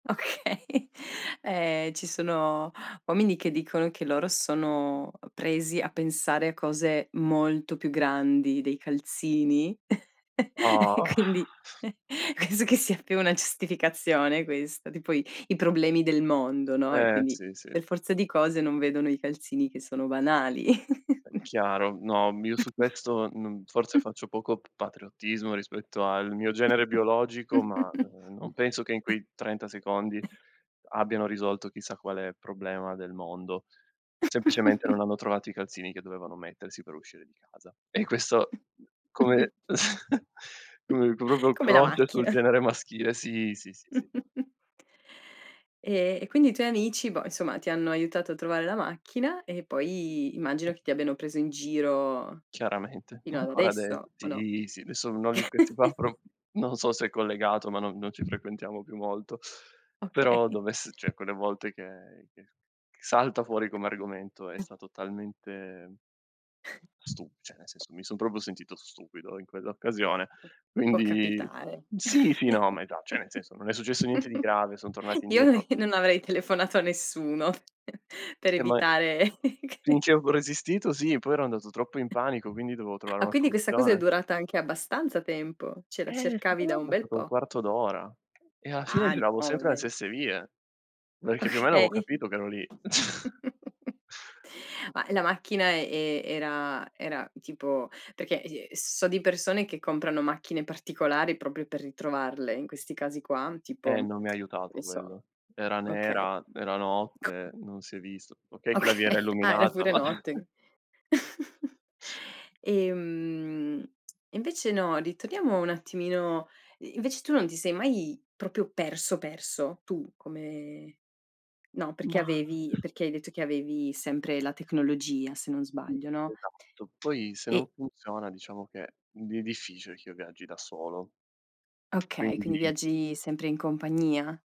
Okay. Eh, ci sono uomini che dicono che loro sono presi a pensare a cose molto più grandi dei calzini e Oh! quindi penso che sia più una giustificazione questa, tipo i i problemi del mondo, no, e Eh quindi sì, sì. per forza di cose non vedono i calzini che sono banali. Chiaro, no, m io, su questo n mhmm, forse faccio poco patriottismo rispetto al mio genere biologico, ma, ehm, non penso che in quei 30 secondi abbiano risolto chissà quale problema del mondo. Semplicemente, non hanno trovato i calzini che dovevano mettersi per uscire di casa. E questo come [unintelligible] proprio Come la croce sul macchina. genere maschile, sì, sì, sì, sì. E e quindi i tuoi amici, boh, insomma, ti hanno aiutato a trovare la macchina, e poi immagino che ti abbiano preso in giro Chiaramente, ma fino ad ancora ade adesso, o no? sì, sì, nessuno di questi qua pro non so se è collegato, ma non non ci frequentiamo più molto, però Okay. dovess cioè, quelle volte che ch che salta fuori come argomento, è stato talmente stu cioè, nel senso, mi son proprio sentito stupido in quell'occasione. Può Quindi capitare. sì, sì, no, ma esa cioè, nel senso, non è successo niente di grave, son tornati Io indietro non avrei telefonato a nessuno per Eh, ma evitare che finché avevo resistito sì, poi ero andato troppo in panico, quindi dovevo trovare Ah, una quindi questa cosa è soluzione. durata anche abbastanza tempo, cioè, la Eh, cercavi secondo me da è un bel passato un po'. quarto d'ora e alla fine Ah giravo no, va sempre le bene. stesse vie, perché più o meno avevo Okay. capito che ero lì. Ma la macchina e era era tipo perché, ehm, so di persone che comprano macchine particolari proprio per ritrovarle in questi casi qua, tipo, Eh, non mi ha che aiutato ne so quello. Era okay. nera, era C notte, non si è visto. Okay, che Oka la via era ah, era illuminata, pure ma notte. E mhmm, e invece no, ritorniamo un attimino. I invece tu non ti sei mai proprio perso, perso? Tu come no, perché Ma avevi perché hai detto che avevi sempre la tecnologia se non sbaglio, no? Esatto. Poi, se non E funziona, diciamo che viene difficile che io viaggi da solo. Okay, quindi Quindi viaggi sempre in compagnia?